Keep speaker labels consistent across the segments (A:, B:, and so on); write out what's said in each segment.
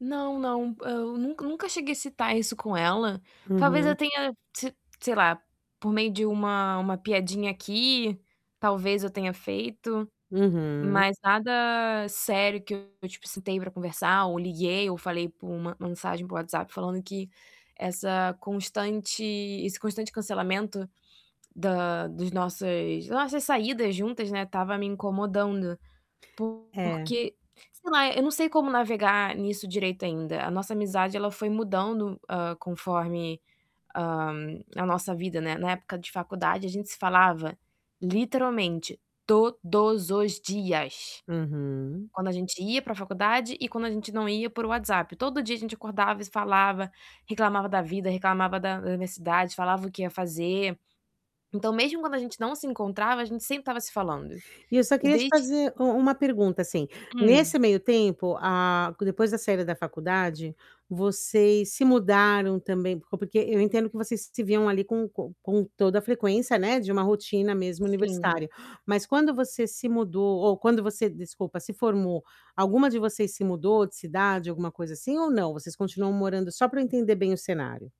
A: Não, não, eu nunca nunca cheguei a citar isso com ela, talvez eu
B: Uhum.
A: tenha, se sei lá, por meio de uma-uma piadinha aqui, talvez eu tenha feito,
B: Uhum.
A: mas nada sério que eu tipo, citei para conversar ou liguei ou falei por uma mensagem para o WhatsApp falando que essa constante esse constante cancelamento, da dos nossas das nossas saídas juntas, né, estava me incomodando,
B: É.
A: porque, sei lá, eu não sei como navegar nisso direito ainda. A nossa amizade ela foi mudando, hã, conforme a a nossa vida, né, na época de faculdade a gente se falava literalmente todos os dias.
B: Uhum.
A: Quando a gente ia para faculdade e quando a gente não ia por WhatsApp, todo dia a gente acordava e se falava, reclamava da vida, reclamava da universidade, falava o que ia fazer. Então, mesmo quando a gente não se encontrava, a gente sempre estava se falando.
B: E eu só
A: E
B: queria te
A: desde
B: fazer u uma pergunta assim.
A: Hum.
B: Nesse meio tempo, ah, c depois da saída da faculdade, vocês se mudaram também, por porque eu entendo que vocês se viam ali com com com toda a frequência, né, de uma rotina mesmo
A: Sim.
B: universitária, mas quando você se mudou, ou quando você, desculpa, se formou, alguma de vocês se mudou de cidade, alguma coisa assim ou não? Vocês continuam morando só para eu entender bem o cenário?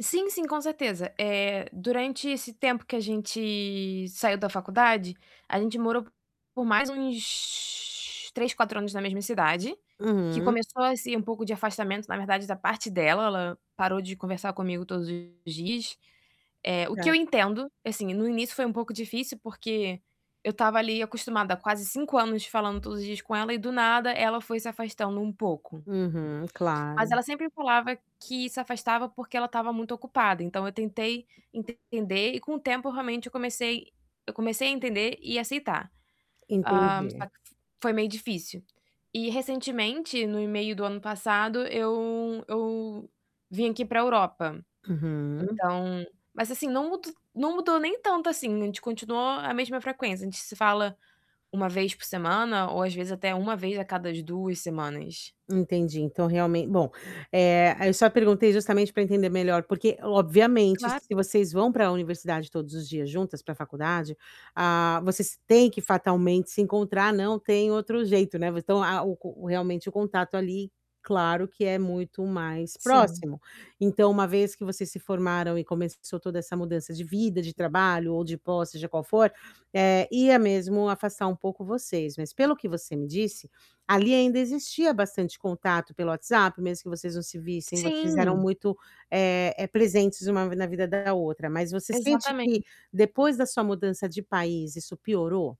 A: Sim, sim, com certeza. Eh, durante esse tempo que a gente saiu da faculdade, a gente morou por mais uns 3, 4 anos na mesma cidade, que
B: Uhum.
A: começou assim um pouco de afastamento na verdade da parte dela, ela parou de conversar comigo todos os dias. Eh, o que eu
B: Claro.
A: entendo, assim, no início foi um pouco difícil, porque eu estava ali acostumada há quase 5 anos falando todos os dias com ela e do nada ela foi se afastando um pouco.
B: Uhum,
A: Mas
B: claro.
A: ela sempre falava que se afastava, porque ela estava muito ocupada, então eu tentei entender e com o tempo realmente eu comecei eu comecei a entender e aceitar. Ah, só
B: Entendi.
A: que foi meio difícil. E, recentemente, no e-mail do ano passado, eu eu vim aqui para Europa.
B: Uhum.
A: Então, mas assim não mud não mudou nem tanto assim. A gente continua a mesma frequência. A gente se fala 1 vez por semana ou, às vezes, até 1 vez a cada 2 semanas.
B: Entendi, então realmen bom, eh, eu só perguntei justamente para entender melhor, porque, obviamente, se
A: Claro.
B: vocês vão para universidade todos os dias juntas, para faculdade, ah, vocês têm que fatalmente se encontrar, não tem outro jeito, né, v então a o o realmente o contato ali, claro que é muito mais
A: Sim.
B: próximo. Então uma vez que vocês se formaram e começou toda essa mudança de vida, de trabalho ou de posse, seja qual for, eh, ia mesmo afastar um pouco vocês, mas pelo que você me disse, ali ainda existia bastante contato pelo WhatsApp, mesmo que vocês não se vissem, vocês eram
A: Sim.
B: muito, eh eh, presentes uma v na vida da outra, mas você sente que,
A: Exatamente.
B: depois da sua mudança de país, isso piorou?